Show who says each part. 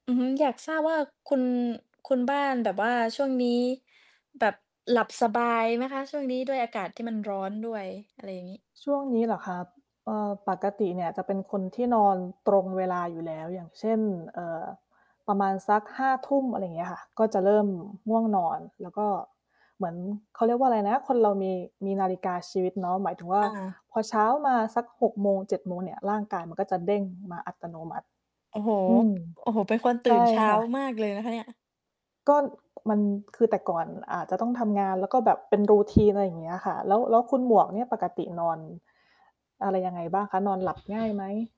Speaker 1: อือฮึ อยากทราบว่า คุณ คุณบ้านแบบว่าช่วงนี้ แบบหลับสบายไหมคะ ช่วงนี้? ด้วยอากาศที่มันร้อนด้วย อะไรอย่างงี้
Speaker 2: ช่วงนี้เหรอครับ? เอ่อ ปกติเนี่ยจะเป็นคนที่นอนตรงเวลาอยู่แล้ว อย่างเช่น เอ่อ ประมาณสัก 5 ทุ่ม อะไรเงี้ยค่ะ ก็จะเริ่มง่วงนอน แล้วก็เหมือน เขาเรียกว่าไรนะ คนเรามี มีนาฬิกาชีวิตเนาะ หมายถึง ว่า
Speaker 1: อา
Speaker 2: พอเช้ามาสัก 6 โมง 7 โมง โมงเนี่ย ร่างกายมันก็จะเด้งมาอัตโนมัติ
Speaker 1: โอ้โฮ
Speaker 2: อืม
Speaker 1: โอ้โฮ เป็นคนต
Speaker 2: ใ
Speaker 1: ื
Speaker 2: ช
Speaker 1: ่
Speaker 2: ่
Speaker 1: นเช้า
Speaker 2: ค่ะ
Speaker 1: มากเลยนะคะเนี่ย
Speaker 2: ก็มัน คือแต่ก่อนอาจจะต้องทำงาน แล้วก็แบบเป็น routine อะไรอย่างเงี้ยค่ะ แล้ว แล้วคุณหมวกเนี่ย ปกตินอน อะไรยังไงบ้างคะ? นอนหลับ ง่ายไหม?